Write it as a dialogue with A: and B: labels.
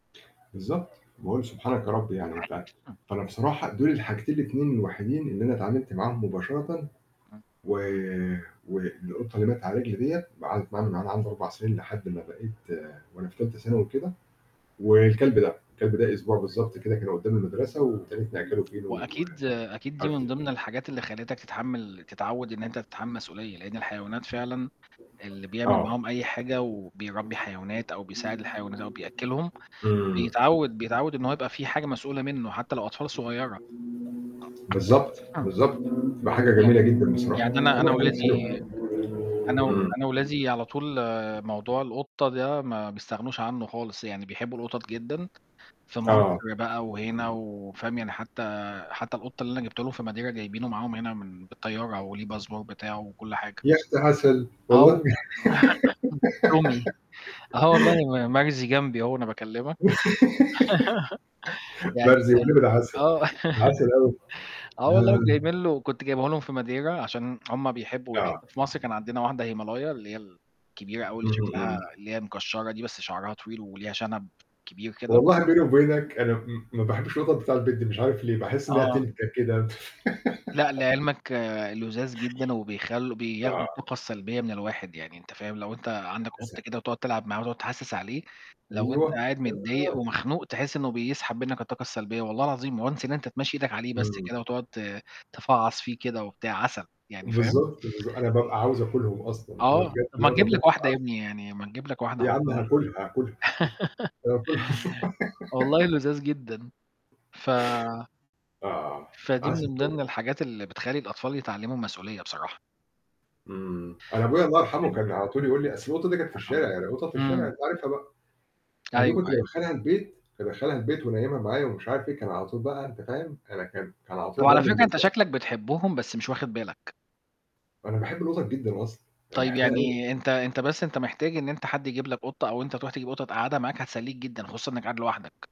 A: بالضبط. باقول سُبحانك يا رب يعني أنت فانا بصراحة دول الحاجتين ال2 الوحيدين اللي انا اتعاملت معاهم مباشرةً.
B: إمم.
A: و والقطة اللي ماتت على رجلي ديّة قعدت معانا من وأنا عندي 4 سنين لحد ما بقيت وأنا في تالتة ثانوي كده. والكلب ده. الكلب ده أسبوع بالضبط كده، كان قدام المدرسة وابتديت نأكله فينو و
B: وأكيد أكيد دي من
A: [unintelligible]
B: ضمن الحاجات اللي خلتك تتحمل تتعود إن أنت تتحمل المسئولية، لإن الحيوانات فعلًا اللي بيعمل
A: آه.
B: معاهم أي حاجة وبيربّي حيوانات أو بيساعد الحيوانات أو بيأكّلهم،
A: إمم.
B: بيتعود بيتعود إن هو يبقى في حاجة مسؤولة منه، حتى لو أطفال صغيرة.
A: بالضبط،
B: آه
A: بالضبط. بقى حاجة جميلة
B: يعني
A: جدًا بصراحة.
B: يعني أنا أنا
A: كلها حاجات حلوة.
B: ولادي أنا و
A: إمم.
B: أنا ولادي على طول، موضوع القطة ده ما بيستغنوش عنه خالص، يعني بيحبوا القطط جدًا. في
A: آه.
B: مصر بقى وهنا و فاهم؟ يعني حتى، حتى القطة اللي أنا جبته لهم في ماديرا جايبينه معاهم هنا من بالطيارة، وليه الباسبور بتاعه وكل حاجة.
A: يا ختي عسل
B: آه و
A: والله.
B: [unintelligible] تومي. آه والله م مرزي جنبي أهو وأنا باكلمك. يعني،
A: بقى
B: [unintelligible]
A: بذمتك يا عسل.
B: آه.
A: ده عسل أوي.
B: آه والله
A: آه.
B: وجايبين له كنت جايبه لهم في ماديرا عشان هُم بيحبوا يح
A: آه.
B: في مصر كان عندنا واحدة هيمالايا، اللي هي ال كبيرة أوي اللي
A: اهم،
B: شكلها
A: إمم.
B: اللي هي مكشرة دي بس شعرها طويل وليها شنب كبير كده.
A: والله بيني وبينك أنا م م ما باحبش القطط بتاع البيت دي. مش عارف ليه، باحس إنها
B: آه.
A: تنكَة كده.
B: لأ، لعلمك، لُذاذ جدًا وبيخل بياخدوا
A: آه.
B: الطاقة السلبية من الواحد يعني، أنت فاهم؟ لو أنت
A: ده
B: عندك قط
A: عسل.
B: كده وتقعد تلعب معاه وتقعد تحسس عليه، لو أنت
A: أيوه
B: قاعد
A: ياه!
B: متضايق ومخنوق تحس إنه بيسحب منك الطاقة السلبية، والله العظيم. once إن أنت تمشّي إيدك عليه بس
A: إمم.
B: كده وتقعد ت تفعص فيه كده وبتاع، عسل يعني، فاهم؟
A: بالضبط، بالضبط. أنا بابقى عاوز آكلهم أصلًا. أنا مش
B: آه،
A: [unintelligible]
B: طَب ما تجيب
A: القطط دي
B: لك
A: [unintelligible]
B: واحدة يا بني يعني، ما نجيب لك واحدة
A: يا عم
B: حُطها
A: هاكلها، هاكلها. اسكت، هياكلها.
B: والله لُذاذ جدًا. ف
A: آه
B: فدي
A: عسل
B: من
A: أوي.
B: ضمن الحاجات اللي بتخلي الأطفال يتعلموا المسئولية بصراحة.
A: إمم. أنا أبويا الله يرحمه كان على طول يقول لي أصل القطة دي كانت في
B: آه
A: الشارع، القطط في الشارع
B: إمم.
A: أنت عارفها بقى.
B: أيوه،
A: فدي كنت
B: أيوه.
A: بادخلها البيت، كنت ادخلها البيت وأنيّمها معايا ومش عارف إيه. كان على طول بقى أنت فاهم، أنا كان كان على طول
B: طَب على
A: يضربني
B: فكرة أنت
A: بالأقلام.
B: شكلك بتحبهم، بس مش واخد بالك.
A: أنا باحب القطط جدًا أصلًا. أنا
B: طيب
A: باحبها أوي
B: يعني أنت أنت بس أنت محتاج إن أنت حد يجيب لك قطة أو أنت تروح تجيب قطة تقعدها معاك هتسليك جدًا، خصوصًا إنك قاعد لوحدك.